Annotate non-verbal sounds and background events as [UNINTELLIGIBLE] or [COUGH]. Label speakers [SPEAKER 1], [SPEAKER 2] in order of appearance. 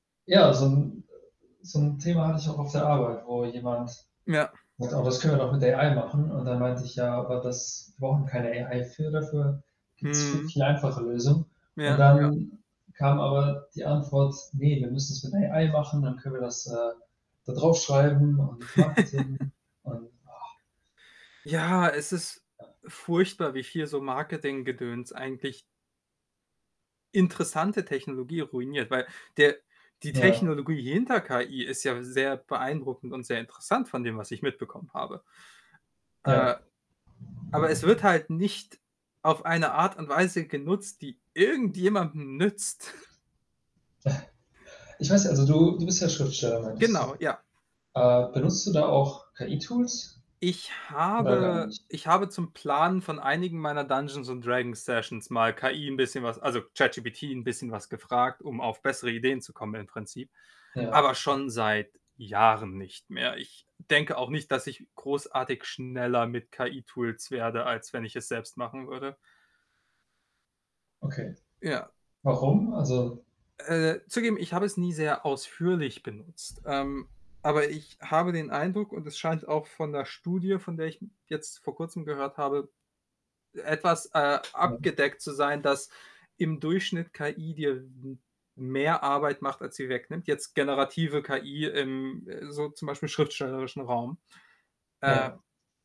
[SPEAKER 1] Ja, so 'n, äh so 'n Thema hatte ich auch auf der Arbeit, wo jemand
[SPEAKER 2] Ja.
[SPEAKER 1] „Oh, das können wir doch mit AI machen.“ Und dann meinte ich: „Ja, aber das wir brauchen keine AI. Für dafür gibt's viel
[SPEAKER 2] Mhm.
[SPEAKER 1] viel einfachere Lösungen.“ Und
[SPEAKER 2] Ja, ja.
[SPEAKER 1] dann kam aber die Antwort: Ne, wir müssen's mit AI machen, dann können wir das, äh, da drauf schreiben und Marketing
[SPEAKER 2] [LAUGHS]
[SPEAKER 1] und och.
[SPEAKER 2] Ja, es ist
[SPEAKER 1] [UNINTELLIGIBLE]
[SPEAKER 2] furchtbar, wie viel so Marketinggedöns eigentlich interessante Technologie ruiniert, weil der die
[SPEAKER 1] Ja.
[SPEAKER 2] Technologie hinter KI ist ja sehr beeindruckend und sehr interessant von dem, was ich mitbekommen habe.
[SPEAKER 1] Ja
[SPEAKER 2] Äh, aber
[SPEAKER 1] genau.
[SPEAKER 2] es wird halt nicht auf eine Art und Weise genutzt, die irgendjemandem nützt. [CHUCKLES]
[SPEAKER 1] [CHUCKLES] Ich weiß ja also, du du bist ja Schriftsteller, meintest
[SPEAKER 2] Genau,
[SPEAKER 1] du.
[SPEAKER 2] ja.
[SPEAKER 1] Äh, benutzt du da auch KI-Tools
[SPEAKER 2] Ich
[SPEAKER 1] oder gar
[SPEAKER 2] habe
[SPEAKER 1] nicht?
[SPEAKER 2] ich habe zum Planen von einigen meiner Dungeons und Dragons-Sessions mal KI 'n bisschen was also, ChatGPT 'n bisschen was gefragt, um auf bessere Ideen zu kommen im Prinzip,
[SPEAKER 1] Ja.
[SPEAKER 2] aber schon seit Jahren nicht mehr. Ich denke auch nicht, dass ich großartig schneller mit KI-Tools werde, als wenn ich es selbst machen würde.
[SPEAKER 1] Okay.
[SPEAKER 2] Ja.
[SPEAKER 1] Warum? Also
[SPEAKER 2] Äh, zugegeben, ich habe es nie sehr ausführlich benutzt. Ähm, aber ich habe den Eindruck und es scheint auch von 'ner Studie, von der ich m jetzt vor Kurzem gehört habe, etwas, äh,
[SPEAKER 1] Ja.
[SPEAKER 2] abgedeckt zu sein, dass im Durchschnitt KI dir m mehr Arbeit macht, als sie wegnimmt, jetzt generative KI im, äh, so zum Beispiel schriftstellerischen Raum. Äh.
[SPEAKER 1] Ja.